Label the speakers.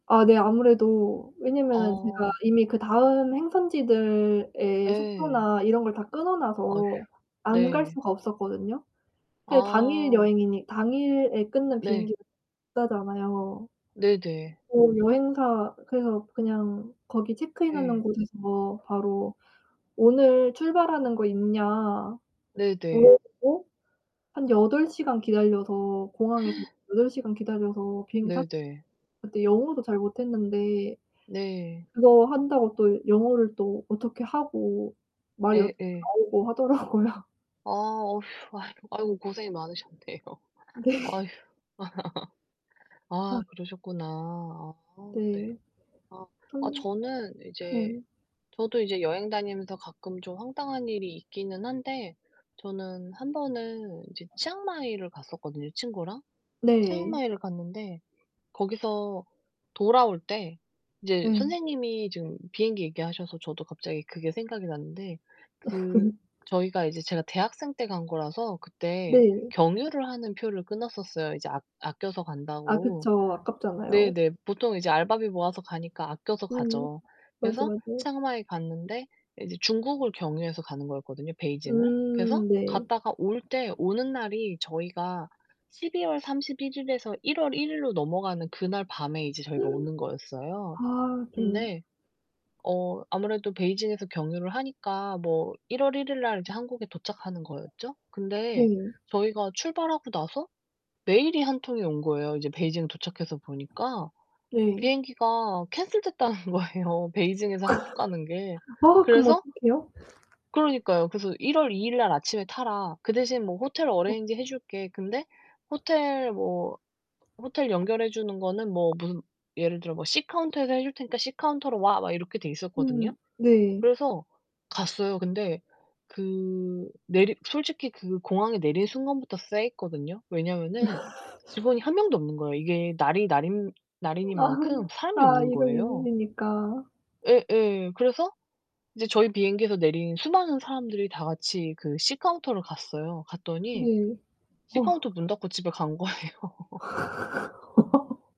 Speaker 1: 아 네. 아무래도 왜냐면은 제가
Speaker 2: 어.
Speaker 1: 이미 그다음 행선지들에
Speaker 2: 예.
Speaker 1: 숙소나 이런 걸 다 끊어
Speaker 2: 어휴.
Speaker 1: 놔서 안 갈
Speaker 2: 네.
Speaker 1: 수가 없었거든요. 그게 당일
Speaker 2: 아.
Speaker 1: 여행이니 당일에 끊는
Speaker 2: 네.
Speaker 1: 비행기는 비싸잖아요.
Speaker 2: 네네.
Speaker 1: 어 여행사 그래서 그냥 거기 체크인하는
Speaker 2: 예.
Speaker 1: 곳에서 바로 "오늘 출발하는 거 있냐?"
Speaker 2: 네네.
Speaker 1: 물어보고 한 8 시간 기다려서 공항에서 8 시간 기다려서 비행기 탔
Speaker 2: 네네.
Speaker 1: 그때 영어도 잘 못했는데
Speaker 2: 네.
Speaker 1: 그거 한다고 또 영어를 또 어떻게 하고 말이 어떻게
Speaker 2: 예예.
Speaker 1: 나오고 하더라고요.
Speaker 2: 아 어휴. 아이고 아이고. 고생이 많으셨네요.
Speaker 1: 네.
Speaker 2: 아휴.
Speaker 1: 아.
Speaker 2: 아 그러셨구나. 아 네.
Speaker 1: 네.
Speaker 2: 아. 아
Speaker 1: 또
Speaker 2: 저는 이제
Speaker 1: 네.
Speaker 2: 저도 이제 여행 다니면서 가끔 좀 황당한 일이 있기는 한데 저는 1 번은 이제 치앙마이를 갔었거든요 친구랑.
Speaker 1: 네.
Speaker 2: 치앙마이를 갔는데 거기서 돌아올 때 이제
Speaker 1: 네.
Speaker 2: 선생님이 지금 비행기 얘기하셔서 저도 갑자기 그게 생각이 났는데 그 저희가 이제 제가 대학생 때 간 거라서 그때
Speaker 1: 네.
Speaker 2: 경유를 하는 표를 끊었었어요 이제 아 아껴서
Speaker 1: 아
Speaker 2: 간다고.
Speaker 1: 그쵸. 아깝잖아요.
Speaker 2: 네네. 보통 이제 알바비 모아서 가니까 아껴서
Speaker 1: 음.
Speaker 2: 가죠.
Speaker 1: 맞아,
Speaker 2: 그래서
Speaker 1: 맞아요.
Speaker 2: 치앙마이 갔는데 이제 중국을 경유해서 가는 거였거든요 베이징을. 그래서
Speaker 1: 음. 네.
Speaker 2: 갔다가 올 때 오는 날이 저희가 12 월 31 일에서 1 월 1 일로 넘어가는 그날 밤에 이제 저희가 오는 거였어요.
Speaker 1: 아 좀
Speaker 2: 근데 어 아무래도 베이징에서 경유를 하니까 뭐 1 월 1 일날 이제 한국에 도착하는 거였죠? 근데
Speaker 1: 네.
Speaker 2: 저희가 출발하고 나서 메일이 1 통이 온 거예요 이제 베이징 도착해서 보니까.
Speaker 1: 네.
Speaker 2: 비행기가 캔슬됐다는 거에요 베이징에서 한국 가는 게.
Speaker 1: 아 그럼
Speaker 2: 그래서
Speaker 1: 어떡해요?
Speaker 2: 그러니까요. 그래서 "1 월 2 일날 아침에 타라. 그대신 뭐 호텔
Speaker 1: 헉.
Speaker 2: 어레인지 해 줄게." 근데 호텔 뭐 호텔 연결해 주는 거는 뭐 문 예를 들어 뭐 "C 카운터에서 해 줄테니까 C 카운터로 와." 막 이렇게 돼 있었거든요.
Speaker 1: 음. 네.
Speaker 2: 그래서 갔어요. 근데 그 내리 솔직히 그 공항에 내린 순간부터 쎄했거든요. 왜냐면은 직원이 1 명도 없는 거예요. 이게 날이 날인 날이니
Speaker 1: 아.
Speaker 2: 만큼 사람이
Speaker 1: 아.
Speaker 2: 없는
Speaker 1: 1 월 1
Speaker 2: 거예요.
Speaker 1: 일이니까.
Speaker 2: 예예. 그래서 이제 저희 비행기에서 내린 수많은 사람들이 다같이 그 C 카운터로 갔어요. 갔더니
Speaker 1: 네.
Speaker 2: C
Speaker 1: 어.
Speaker 2: 카운터 문 닫고 집에 간 거예요.